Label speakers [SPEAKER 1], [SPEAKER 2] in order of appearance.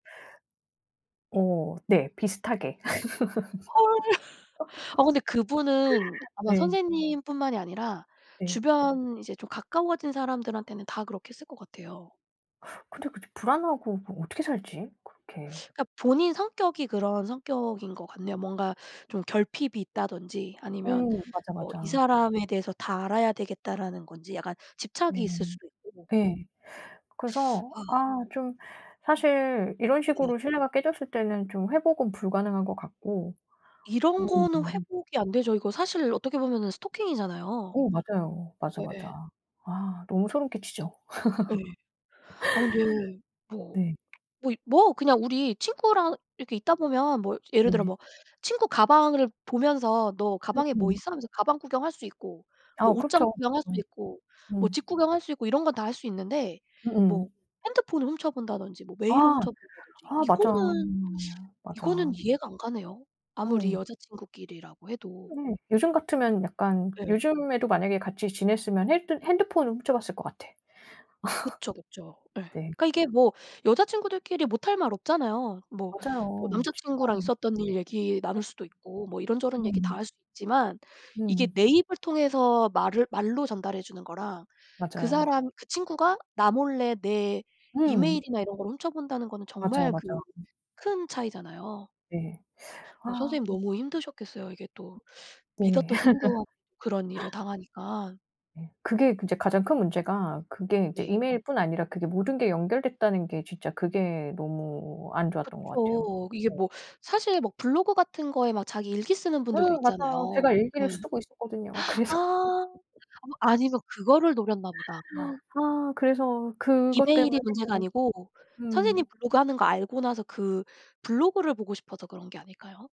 [SPEAKER 1] 어 네. 비슷하게.
[SPEAKER 2] 헐. 어 근데 그분은 아마
[SPEAKER 1] 네.
[SPEAKER 2] 선생님뿐만이 아니라
[SPEAKER 1] 네.
[SPEAKER 2] 주변 이제 좀 가까워진 사람들한테는 다 그렇게 했을 것 같아요.
[SPEAKER 1] 근데 그렇게 불안하고 그럼 어떻게 살지? 그렇게.
[SPEAKER 2] 그러니까 본인 성격이 그런 성격인 것 같네요. 뭔가 좀 결핍이 있다든지 아니면
[SPEAKER 1] 음. 맞아,
[SPEAKER 2] 뭐 이
[SPEAKER 1] 맞아.
[SPEAKER 2] 사람에 대해서 다 알아야 되겠다라는 건지 약간 집착이
[SPEAKER 1] 네.
[SPEAKER 2] 있을 수도 있고.
[SPEAKER 1] 예. 그래서
[SPEAKER 2] 아.
[SPEAKER 1] 아 좀 사실 이런
[SPEAKER 2] 네네.
[SPEAKER 1] 식으로 신뢰가 깨졌을 때는 좀 회복은 불가능한 것 같고.
[SPEAKER 2] 이런 거는
[SPEAKER 1] 음.
[SPEAKER 2] 회복이 안되죠. 이거 사실 어떻게 보면은 스토킹이잖아요.
[SPEAKER 1] 어 맞아요. 맞아,
[SPEAKER 2] 예예.
[SPEAKER 1] 맞아. 아 너무 소름 끼치죠.
[SPEAKER 2] 예. 아 근데 뭐
[SPEAKER 1] 네.
[SPEAKER 2] 뭐 뭐? 그냥 우리 친구랑 이렇게 있다 보면 뭐 예를 들어
[SPEAKER 1] 네.
[SPEAKER 2] 뭐 친구 가방을 보면서 "너 가방에 뭐
[SPEAKER 1] 음음.
[SPEAKER 2] 있어?" 하면서 가방 구경할 수 있고 뭐
[SPEAKER 1] 아
[SPEAKER 2] 옷장
[SPEAKER 1] 그쵸.
[SPEAKER 2] 구경할 수
[SPEAKER 1] 음.
[SPEAKER 2] 있고 뭐
[SPEAKER 1] 음.
[SPEAKER 2] 집 구경할 수 있고 이런 건 다 할 수 있는데 뭐
[SPEAKER 1] 음음.
[SPEAKER 2] 핸드폰을 훔쳐본다든지 뭐 메일을
[SPEAKER 1] 아.
[SPEAKER 2] 훔쳐본다든지
[SPEAKER 1] 아 맞아.
[SPEAKER 2] 이거는, 이거는
[SPEAKER 1] 맞아.
[SPEAKER 2] 이해가 안 가네요
[SPEAKER 1] 오
[SPEAKER 2] 아무리
[SPEAKER 1] 왜.
[SPEAKER 2] 여자 친구끼리라고 해도.
[SPEAKER 1] 네. 요즘 같으면 약간
[SPEAKER 2] 예.
[SPEAKER 1] 요즘에도 만약에 같이 지냈으면 핼드 핸드폰을 훔쳐봤을 것 같아.
[SPEAKER 2] 그쵸, 그쵸. 예.
[SPEAKER 1] 네.
[SPEAKER 2] 그러니까 이게 뭐 여자 친구들끼리 못할 말 없잖아요. 뭐 뭐
[SPEAKER 1] 맞아요.
[SPEAKER 2] 남자 친구랑
[SPEAKER 1] 진짜
[SPEAKER 2] 있었던 일 얘기 나눌 수도 있고 뭐 이런저런 얘기 다
[SPEAKER 1] 음.
[SPEAKER 2] 할 수 있지만 이게
[SPEAKER 1] 음.
[SPEAKER 2] 내 입을 통해서 말을 말로 전달해 주는 거랑 그
[SPEAKER 1] 맞아요.
[SPEAKER 2] 사람 그 친구가 나 몰래 내
[SPEAKER 1] 음.
[SPEAKER 2] 이메일이나 이런 걸 훔쳐본다는 거는
[SPEAKER 1] 맞아,
[SPEAKER 2] 정말 그
[SPEAKER 1] 맞아. 음.
[SPEAKER 2] 큰 차이잖아요.
[SPEAKER 1] 네.
[SPEAKER 2] 어
[SPEAKER 1] 아.
[SPEAKER 2] 선생님
[SPEAKER 1] 음.
[SPEAKER 2] 너무 힘드셨겠어요. 이게 또
[SPEAKER 1] 네.
[SPEAKER 2] 믿었던 친구 그런 일을 당하니까.
[SPEAKER 1] 예. 그게 그 이제 가장 큰 문제가 그게 이제
[SPEAKER 2] 네.
[SPEAKER 1] 이메일뿐 아니라 그게 모든 게 연결됐다는 게 진짜 그게 너무 안 좋았던 것 같아요.
[SPEAKER 2] 그쵸. 이게
[SPEAKER 1] 예.
[SPEAKER 2] 뭐 사실 뭐 블로그 같은 거에 막 자기 일기 쓰는 분들도
[SPEAKER 1] 음 맞아요. 제가
[SPEAKER 2] 있잖아요. 예.
[SPEAKER 1] 일기를 쓰고 있었거든요 그래서
[SPEAKER 2] 아. 어 아니면 그거를 노렸나 보다. 어.
[SPEAKER 1] 아 그래서 그것 때문에
[SPEAKER 2] 이메일이 문제가 아니고 선생님
[SPEAKER 1] 음.
[SPEAKER 2] 블로그 하는 거 알고 나서 그 블로그를 보고 싶어서 그런 게 아닐까요?